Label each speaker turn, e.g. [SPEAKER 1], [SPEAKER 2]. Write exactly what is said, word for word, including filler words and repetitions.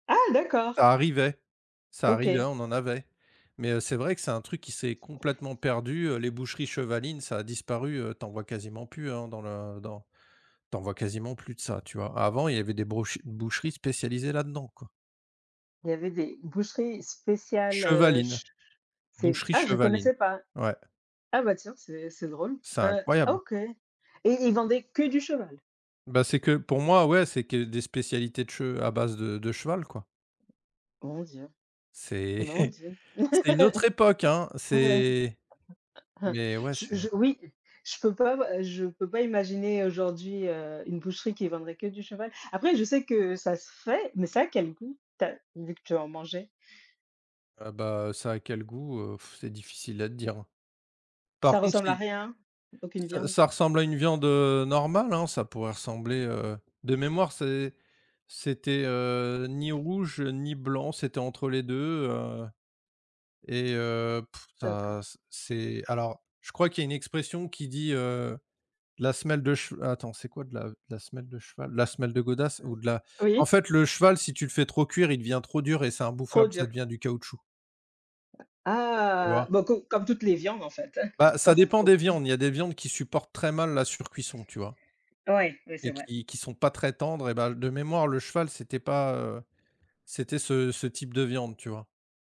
[SPEAKER 1] Ah d'accord!
[SPEAKER 2] Ça arrivait ça arrivait,
[SPEAKER 1] OK.
[SPEAKER 2] on en avait, mais heu, c'est vrai que c'est un truc qui s'est complètement perdu, heu, les boucheries chevalines, ça a disparu, heu, tu en vois quasiment plus, hein, dans le dans tu en vois quasiment plus de ça, tu vois? Avant il y avait des brouche boucheries spécialisées là-dedans, quoi.
[SPEAKER 1] Il y avait des boucheries spéciales, heu, che
[SPEAKER 2] Chevaline,
[SPEAKER 1] ch c'est
[SPEAKER 2] boucherie
[SPEAKER 1] ah, je
[SPEAKER 2] chevaline,
[SPEAKER 1] connaissais pas!
[SPEAKER 2] ouais.
[SPEAKER 1] Ah, bah, tiens, c'est c'est drôle,
[SPEAKER 2] C'est
[SPEAKER 1] heu,
[SPEAKER 2] incroyable!
[SPEAKER 1] OK et ils vendaient que du cheval?
[SPEAKER 2] Bah, c'est que pour moi, ouais, c'est que des spécialités de che à base de de cheval, quoi.
[SPEAKER 1] Mon Dieu!
[SPEAKER 2] C'est
[SPEAKER 1] Mon Dieu!
[SPEAKER 2] c'est une autre époque hein, c'est mais ouais,
[SPEAKER 1] Je je
[SPEAKER 2] c'est
[SPEAKER 1] oui, je peux pas, heu, je peux pas imaginer aujourd'hui, heu, une boucherie qui vendrait que du cheval. Après, je sais que ça se fait, mais ça a quel goût? Tu as vu que tu en mangeais.
[SPEAKER 2] Ah bah, ça a quel goût? Heu, c'est difficile à te dire, hein, par
[SPEAKER 1] Ça
[SPEAKER 2] contre
[SPEAKER 1] ressemble à
[SPEAKER 2] i
[SPEAKER 1] rien, aucune
[SPEAKER 2] ça
[SPEAKER 1] viande?
[SPEAKER 2] ça ressemble à une viande, heu, normale, hein. Ça pourrait ressembler, heu, de mémoire c'est c'était, heu, ni rouge, heu, ni blanc, c'était entre les deux, heu et heu, pff, ça
[SPEAKER 1] D'accord.
[SPEAKER 2] ç c'est alors, je crois qu'il y a une expression qui dit, heu: «La semelle de chev» attends, c'est quoi de la de la semelle de cheval? De la semelle de godasse
[SPEAKER 1] Heu,
[SPEAKER 2] ou de la en
[SPEAKER 1] oui.
[SPEAKER 2] fait, le cheval si tu le fais trop cuire, il devient trop dur et c'est
[SPEAKER 1] Trop
[SPEAKER 2] imbouffable, ça
[SPEAKER 1] dur?
[SPEAKER 2] devient du caoutchouc. Tu
[SPEAKER 1] Ah!
[SPEAKER 2] vois?
[SPEAKER 1] Bon, co comme toutes les viandes, en fait, hein,
[SPEAKER 2] Bah,
[SPEAKER 1] q quand
[SPEAKER 2] ça
[SPEAKER 1] c'est
[SPEAKER 2] dépend
[SPEAKER 1] trop
[SPEAKER 2] des
[SPEAKER 1] dur.
[SPEAKER 2] viandes, il y a des viandes qui supportent très mal la surcuisson, tu vois
[SPEAKER 1] Ouais, oui, c'est
[SPEAKER 2] et
[SPEAKER 1] vrai.
[SPEAKER 2] qui qui sont pas très tendres et bah, de mémoire, le cheval c'était pas, heu, c'était ce ce type de viande, tu vois?